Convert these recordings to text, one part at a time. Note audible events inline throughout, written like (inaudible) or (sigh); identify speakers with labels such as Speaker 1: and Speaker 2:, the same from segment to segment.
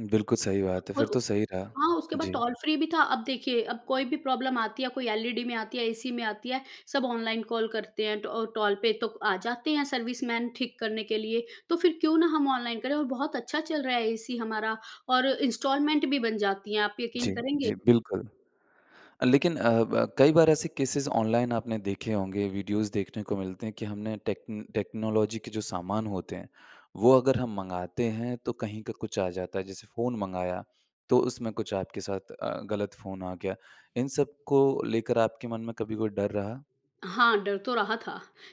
Speaker 1: बिल्कुल सही बात है,
Speaker 2: और
Speaker 1: फिर
Speaker 2: उ
Speaker 1: तो सही रहा।
Speaker 2: हाँ, उसके बाद
Speaker 1: जी।
Speaker 2: टोल फ्री भी था, अब देखिए, अब कोई भी प्रॉब्लम आती है, कोई एलईडी में आती है, एसी में आती है, सब ऑनलाइन कॉल करते हैं, ट टोल पे, तो आ जाते हैं सर्विसमैन ठीक करने के लिए। तो फिर क्योँ ना हम ऑनलाइन करें, और बहुत अच्छा चल रहा है, एसी हमारा और इंस्टॉलमेंट भी बन जाती हैं, आप यकीन
Speaker 1: जी।
Speaker 2: करेंगे?
Speaker 1: जी, बिल्कुल। अ, लेकिन अ, ब कई बार ऐसे केसेज़ ऑनलाइन आपने देखे होंगे, वीडियोज़ देखने को मिलते हैं, कि हमने टेक्न टेक्नोलॉज़ी के जो सामान होते हैं, वो अगर हम मँगाते हैं, तो कहीं का कुछ आ जाता है, जैसे फ़ोन मँगाया तो उसमें कुछ आपके साथ अ, गलत फ़ोन आ गया। इन सब को लेकर, आपके मन में कभी कोई डर रहा?
Speaker 2: हाँ, डर तो रहा था,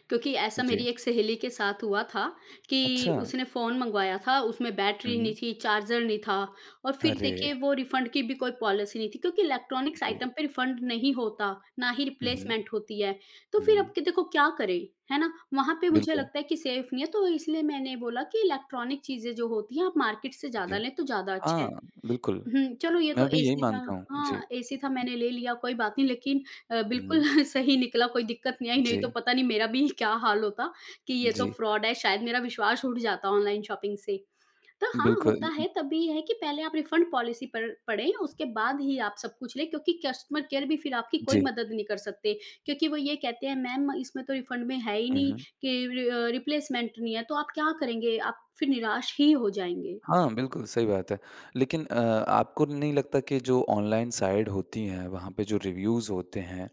Speaker 2: क्योंकि, ऐसा
Speaker 1: जी।
Speaker 2: मेरी एक सहेली के साथ हुआ था, कि
Speaker 1: अच्छा।
Speaker 2: उसने फ़ोन मँगवाया था उसमें
Speaker 1: हुँ,
Speaker 2: बैटरी नहीं
Speaker 1: हुँ।
Speaker 2: थी, चार्जर नहीं था, और फिर
Speaker 1: अरे!
Speaker 2: देखिए, वो रिफंड की भी कोई पॉलिसी नहीं थी, क्योँकि इलेक्ट्रॉनिक्स
Speaker 1: जी।
Speaker 2: आइटम पे रिफंड नहीं होता, ना ही
Speaker 1: हुँ, हुँ।
Speaker 2: रिप्लेसमेंट होती है। तो फिर अब
Speaker 1: हुँ।
Speaker 2: के देखो क्या करें, है ना? वहाँ पे मुझे
Speaker 1: बिल्कुल।
Speaker 2: लगता है कि सेफ नहीं है, तो इसलिए मैंने बोला कि इलेक्ट्रॉनिक चीज़ें जो होती हैं, आप मार्केट से
Speaker 1: जी।
Speaker 2: ज़्यादा लें, तो ज़्यादा अच्छे
Speaker 1: हाँ,
Speaker 2: हैं।
Speaker 1: बिल्कुल।
Speaker 2: हुँ, चलो ये तो
Speaker 1: मैं भी यही
Speaker 2: एसी था
Speaker 1: मानता हूँ। जी।
Speaker 2: हाँ, एसी था मैंने ले लिया, कोई बात नहीं, लेकिन अ, बिल्कुल
Speaker 1: हुँ।
Speaker 2: (chuckles) सही निकला कोई दिक्कत नहीं आई, नहीं तो
Speaker 1: जी।
Speaker 2: पता नहीं मेरा भी क्या हाल होता, कि ये तो
Speaker 1: जी।
Speaker 2: फ्रॉड है, शायद मेरा विश्वास उठ जाता ऑनलाइन शॉपिंग से। तो हाँ,
Speaker 1: बिल्कुल,
Speaker 2: होता
Speaker 1: उ उ
Speaker 2: है, तब भी ये है कि पहले आप रिफंड पॉलिसी पड़ पढ़ें, उसके बाद ही आप सब कुछ लें। क्योंकि कस्टमर केयर भी फिर आपकी कोई
Speaker 1: जी।
Speaker 2: मदद नहीं कर सकते। क्योंकि वो ये कहते हैं, मैम इसमें तो रिफंड में है ही
Speaker 1: हुँ,
Speaker 2: नहीं
Speaker 1: हुँ।
Speaker 2: कि रि अ, रिप्लेसमेंट नहीं है, तो आप क्या करेंगे? आप फिर निराश ही हो जाएँगे।
Speaker 1: हाँ, बिल्कुल सही बात है। लेकिन अ, आपको नहीं लगता कि जो ऑनलाइन साइड होती हैं, वहाँ पे जो रिव्यूज़ होते हैं,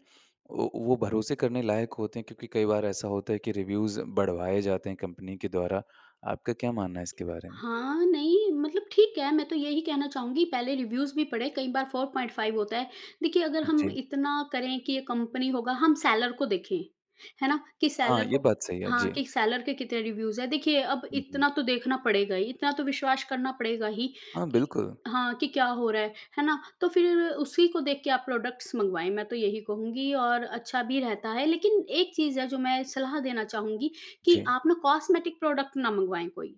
Speaker 1: वो वो भरोसे करने लायक होते हैं, क्योंकि कई बार ऐसा होता है कि रिव्यूज़ बढ़वाए जाते हैं, कंपनी के द्वारा। आपका क्या मानना है, इसके बारे में?
Speaker 2: हाँ। नहीं, मतलब ठीक है, मैं तो यही कहना चाहूँगी, पहले रिव्यूज भी पढ़े, कई बार 4.5 होता है। देखिए, अगर हम
Speaker 1: जी।
Speaker 2: इतना करें कि ये कंपनी होगा हम सेलर को देखें, है ना? कि
Speaker 1: हाँ,
Speaker 2: सेलर
Speaker 1: ये
Speaker 2: को
Speaker 1: बात सही है।
Speaker 2: हाँ,
Speaker 1: जी।
Speaker 2: कि सेलर के कितने रिव्यूज हैं? देखिए, अब
Speaker 1: हुँ, हुँ।
Speaker 2: इतना तो देखना पड़ेगा ही, इतना तो विश्वास करना पड़ेगा ही
Speaker 1: हाँ,
Speaker 2: कि
Speaker 1: बिल्कुल।
Speaker 2: हाँ। कि क्या हो रहा है, है ना? तो फिर उसी को देख के आप प्रोडक्ट्स मँगवाएँ, मैं तो यही कहूँगी और अच्छा भी रहता है। लेकिन एक चीज़ है, जो मैं सलाह देना चाहूँगी कि
Speaker 1: जी।
Speaker 2: आप ना कॉस्मेटिक प्रोडक्ट ना मँगवाएँ कोई।